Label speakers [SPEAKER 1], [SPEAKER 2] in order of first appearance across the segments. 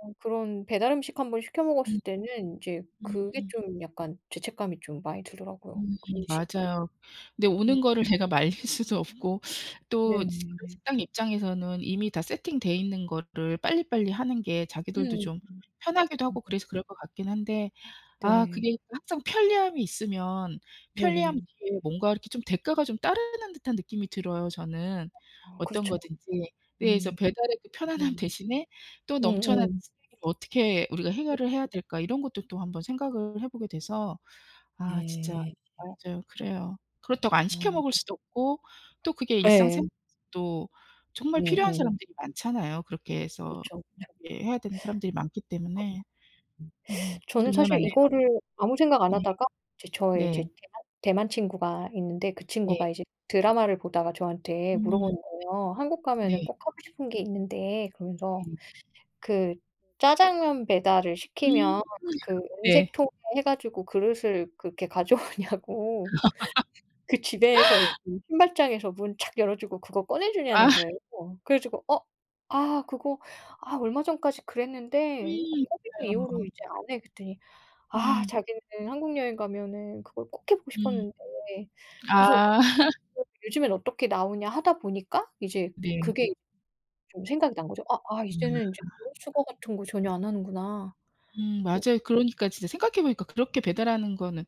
[SPEAKER 1] 어 그런 배달음식 1 번 시켜
[SPEAKER 2] 음.
[SPEAKER 1] 먹었을 때는 이제 그게
[SPEAKER 2] 음음.
[SPEAKER 1] 좀 약간 죄책감이 좀 많이 들더라고요.
[SPEAKER 2] 음
[SPEAKER 1] 음식
[SPEAKER 2] 맞아요. 근데
[SPEAKER 1] 음.
[SPEAKER 2] 오는 거를 제가 말릴 수도 없고 또 그런
[SPEAKER 1] 네네네네.
[SPEAKER 2] 식당 입장에서는 이미 다 세팅되어 있는 거를 빨리빨리 하는 게
[SPEAKER 1] 음.
[SPEAKER 2] 자기들도 좀 편하기도 하고
[SPEAKER 1] [unintelligible]
[SPEAKER 2] 그래서 그럴 것 같긴 한데 아
[SPEAKER 1] 네.
[SPEAKER 2] 그게 항상 편리함이 있으면 편리함
[SPEAKER 1] 네네.
[SPEAKER 2] 뒤에 뭔가 이렇게 대가가 좀 따르는 듯한 느낌이 들어요 저는.
[SPEAKER 1] 아
[SPEAKER 2] 어떤
[SPEAKER 1] 그렇죠.
[SPEAKER 2] 거든지. 네 그래서
[SPEAKER 1] 음
[SPEAKER 2] '배달 앱의 편안함
[SPEAKER 1] 맞아요.
[SPEAKER 2] 대신에 또 넘쳐나는
[SPEAKER 1] 어어.
[SPEAKER 2] 쓰레기를 어떻게 우리가
[SPEAKER 1] [unintelligible]
[SPEAKER 2] 해결을 해야 될까.' 이런 것도 또 한번 생각을 해보게 돼서 아 진짜
[SPEAKER 1] 네.
[SPEAKER 2] 맞아요. 그래요. 그렇다고 안 시켜
[SPEAKER 1] 어.
[SPEAKER 2] 먹을 수도 없고 또 그게
[SPEAKER 1] 예.
[SPEAKER 2] 일상생활에서도 정말 필요한
[SPEAKER 1] 음음.
[SPEAKER 2] 사람들이 많잖아요. 그렇게 해서
[SPEAKER 1] 그쵸, 그쵸.
[SPEAKER 2] 이렇게 해야 되는 사람들이 많기 때문에 음
[SPEAKER 1] [unintelligible] 저는 사실
[SPEAKER 2] 딜레마네요.
[SPEAKER 1] 이거를 아무 생각 안
[SPEAKER 2] 네.
[SPEAKER 1] 하다가 이제 저의 이제
[SPEAKER 2] 네.
[SPEAKER 1] 대만 대만 친구가 있는데 그
[SPEAKER 2] 네.
[SPEAKER 1] 친구가 이제 드라마를 보다가 저한테
[SPEAKER 2] 음.
[SPEAKER 1] 물어보는 거예요. "한국 가면은
[SPEAKER 2] 네.
[SPEAKER 1] 꼭 하고 싶은 게 있는데." 그러면서
[SPEAKER 2] 네.
[SPEAKER 1] 그 짜장면 배달을
[SPEAKER 2] 음
[SPEAKER 1] 시키면 그 은색
[SPEAKER 2] 네.
[SPEAKER 1] 통에 해가지고 그릇을 그렇게 가져오냐고. 그 집에서 이 그 신발장에서 문 착 열어주고 그거
[SPEAKER 2] 아.
[SPEAKER 1] 꺼내주냐는 거예요. 그래 가지고 "어 아 그거 아 얼마 전까지 그랬는데 어
[SPEAKER 2] 음.
[SPEAKER 1] 코비드 이후로
[SPEAKER 2] 맞아요.
[SPEAKER 1] 이제 안 해." 그랬더니 아
[SPEAKER 2] 음.
[SPEAKER 1] 자기는 한국 여행 가면은 그걸 꼭 해 보고
[SPEAKER 2] 음.
[SPEAKER 1] 싶었는데 그래서
[SPEAKER 2] 아.
[SPEAKER 1] "어 요즘엔 어떻게 나오냐." 하다 보니까 이제 그게
[SPEAKER 2] 네.
[SPEAKER 1] 좀 생각이 난 거죠. '아 아
[SPEAKER 2] 아.
[SPEAKER 1] 이제는 이제 그릇 수거 같은 거 전혀 안 하는구나.'
[SPEAKER 2] 음
[SPEAKER 1] 그러
[SPEAKER 2] 맞아요. 그러니까 진짜 생각해 보니까 그렇게 배달하는 거는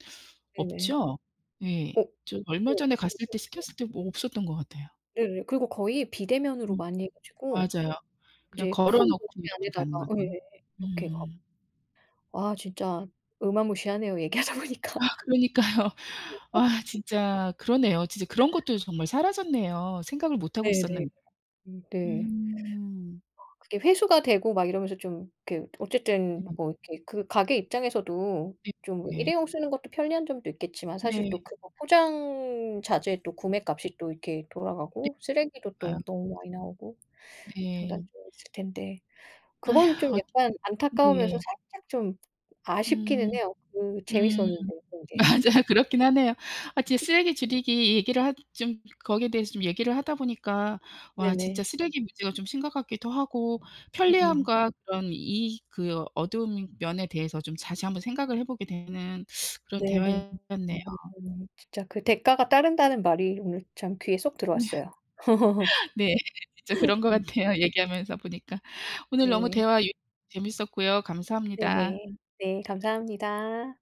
[SPEAKER 1] 네네.
[SPEAKER 2] 없죠? 예.
[SPEAKER 1] 어.
[SPEAKER 2] 저 얼마 전에 갔을 때
[SPEAKER 1] [unintelligible]
[SPEAKER 2] 시켰을 때 뭐 없었던 것 같아요.
[SPEAKER 1] 네네. 그리고 거의 비대면으로
[SPEAKER 2] 음
[SPEAKER 1] 많이 해 가지고
[SPEAKER 2] 맞아요. 그냥
[SPEAKER 1] 이제 큰 봉지
[SPEAKER 2] 걸어놓고 이렇게
[SPEAKER 1] 안에다가
[SPEAKER 2] 가는
[SPEAKER 1] 예예예
[SPEAKER 2] 거거든요.
[SPEAKER 1] 이렇게 갖
[SPEAKER 2] 음.
[SPEAKER 1] 와 진짜 어마무시하네요 얘기하다
[SPEAKER 2] 아
[SPEAKER 1] 보니까.
[SPEAKER 2] 그러니까요. 아 진짜 그러네요. 진짜 그런 것도 정말 사라졌네요. 생각을 못하고
[SPEAKER 1] 네네.
[SPEAKER 2] 있었는
[SPEAKER 1] 음 네.
[SPEAKER 2] 음.
[SPEAKER 1] 그게 회수가 되고 막 이러면서 좀 이렇게 어쨌든 뭐 이렇게 가게 입장에서도 좀
[SPEAKER 2] 네네.
[SPEAKER 1] 일회용 쓰는 것도 편리한 점도 있겠지만 사실
[SPEAKER 2] 네.
[SPEAKER 1] 또 그거 포장 자재도 구매값이 또 이렇게
[SPEAKER 2] 네.
[SPEAKER 1] 돌아가고 쓰레기도 또
[SPEAKER 2] 맞아요.
[SPEAKER 1] 너무 많이 나오고
[SPEAKER 2] 네.
[SPEAKER 1] 장단점이 있을 텐데 그건 좀
[SPEAKER 2] 어
[SPEAKER 1] 약간 안타까우면서
[SPEAKER 2] 예.
[SPEAKER 1] 살짝 좀
[SPEAKER 2] 음
[SPEAKER 1] 아쉽기는 해요. 그
[SPEAKER 2] 음
[SPEAKER 1] 재밌었는데 그런 게.
[SPEAKER 2] 맞아요. 그렇긴 하네요. 아 진짜 쓰레기 줄이기 얘기를 하 좀 거기에 대해서 좀 얘기를 하다 보니까 와
[SPEAKER 1] 네네.
[SPEAKER 2] 진짜 쓰레기 문제가 좀 심각하기도 하고
[SPEAKER 1] 음음.
[SPEAKER 2] 편리함과 그런 이 그 어두운 면에 대해서 좀 다시 한번 생각을 해보게 되는 그런
[SPEAKER 1] 네네.
[SPEAKER 2] 대화였네요.
[SPEAKER 1] [unintelligible] 진짜 그 대가가 따른다는 말이 오늘 참 귀에 쏙
[SPEAKER 2] 네
[SPEAKER 1] 들어왔어요.
[SPEAKER 2] 네. 진짜 그런 것
[SPEAKER 1] 네.
[SPEAKER 2] 같아요, 얘기하면서 보니까. 오늘 너무
[SPEAKER 1] 네.
[SPEAKER 2] 대화 [unintelligible] 재밌었고요. 감사합니다.
[SPEAKER 1] 네네. 네. 감사합니다.